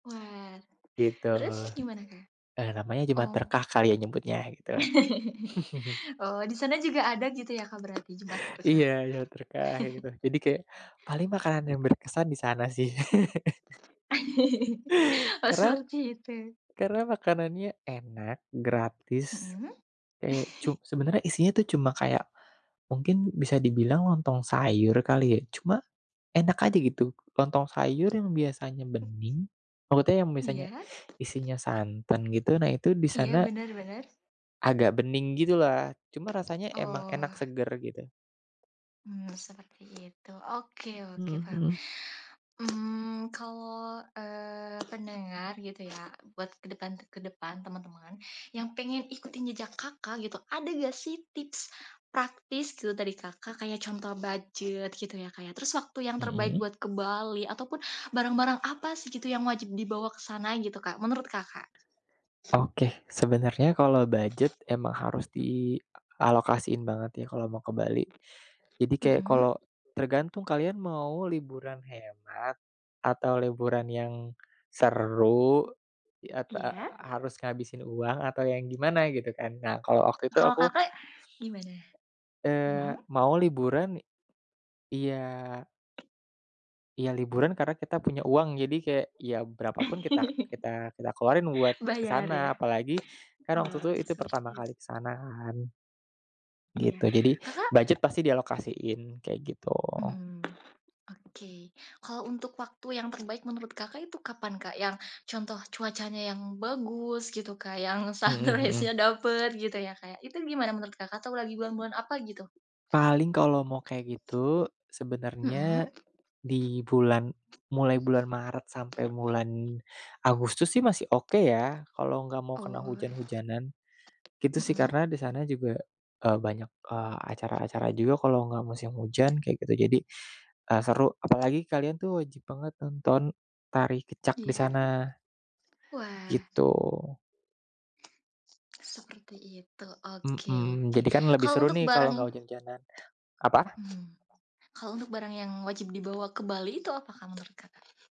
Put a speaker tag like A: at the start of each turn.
A: Wah.
B: Gitu.
A: Terus, gimana Kak?
B: Eee, namanya Jumat
A: Om.
B: Berkah kali ya nyebutnya, gitu.
A: Oh, di sana juga ada gitu ya, Kak, berarti Jumat Berkah?
B: Iya, Jumat Berkah kayak gitu. Jadi kayak, paling makanan yang berkesan di sana sih.
A: Oh,
B: Karena
A: seperti itu.
B: karena makanannya enak, gratis,
A: Mhm.
B: kayak cu sebenernya isinya tuh cuma kayak, mungkin bisa dibilang lontong sayur kali ya, cuma, enak aja gitu. Lontong sayur yang biasanya bening, makuta yang biasanya
A: Iya.
B: isinya santan gitu, nah, itu di
A: Iya,
B: sana
A: bener bener.
B: agak bening gitu lah, cuma rasanya emang enak
A: Oh.
B: seger, gitu.
A: Mmm, seperti itu, oke oke
B: Mhm
A: paham.
B: mhm.
A: Mmm, kalau, eee, pendengar gitu ya, buat ke depan ke depan, teman-teman yang pengen ikutin jejak Kakak gitu, ada nggak sih tips praktis te dari Kakak? Kayak contoh budget gitu ya, Kak, ya, terus waktu yang terbaik
B: Mhm.
A: buat ke Bali, ataupun barang-barang apa sih, gitu, yang wajib dibawa ke sana gitu, Kak, menurut Kakak?
B: Oke. Sebenernya kalau budget emang harus dialokasiin banget ya kalau mau ke Bali. Jadi kayak
A: Mhm.
B: kalau tergantung kalian mau liburan hemat, atau liburan yang seru, i a tak
A: Iya.
B: harus ngabisin uang atau yang gimana, gitu kan, Kak. Nah kalau waktu itu
A: Kalau
B: aku
A: Kakak gimana?
B: eee,
A: Hmm.
B: mau liburan, iya iya liburan karena kita punya uang, jadi kayak, ya berapapun kita kita kita keluarin buat ke
A: Bayar
B: sana,
A: ya?
B: apalagi kan waktu itu
A: Oh,
B: itu pertama
A: seperti it
B: kali ke sana kan.
A: Iya,
B: Gitu, jadi,
A: Kakak
B: budget pasti dialokasiin, kayak gitu.
A: Mhm. Oke. Kalau untuk waktu yang terbaik menurut Kakak itu kapan, Kak? Yang contoh cuacanya yang bagus gitu, Kak, yang
B: Mhm mhm.
A: sunrise-nya dapet gitu ya, kayak, itu gimana menurut Kakak atau lagi bulan-bulan apa gitu?
B: Paling kalau mau kayak gitu,
A: Mhm.
B: sebenernya di bulan mulai bulan Maret sampai bulan Agustus sih masih oke ya, kalau nggak mau kena
A: Oh.
B: hujan-hujanan. Gitu sih,
A: Mhm.
B: karena di sana juga, eee, banyak, eee, acara-acara juga kalau nggak musim hujan kayak gitu, jadi, eee, seru. Apalagi kalian tuh wajib banget nonton tari kecak di
A: Iya.
B: sana.
A: Wah.
B: Gitu.
A: Seperti itu. Oke
B: Mhm.
A: oke.
B: Jadi kan lebih
A: Kalau
B: seru
A: untuk
B: nih kalau
A: barang
B: ngak hujan-hujanan. Apa?
A: mhm. Kalau untuk barang yang wajib dibawa ke Bali itu apa, Kak, menurut Kakak?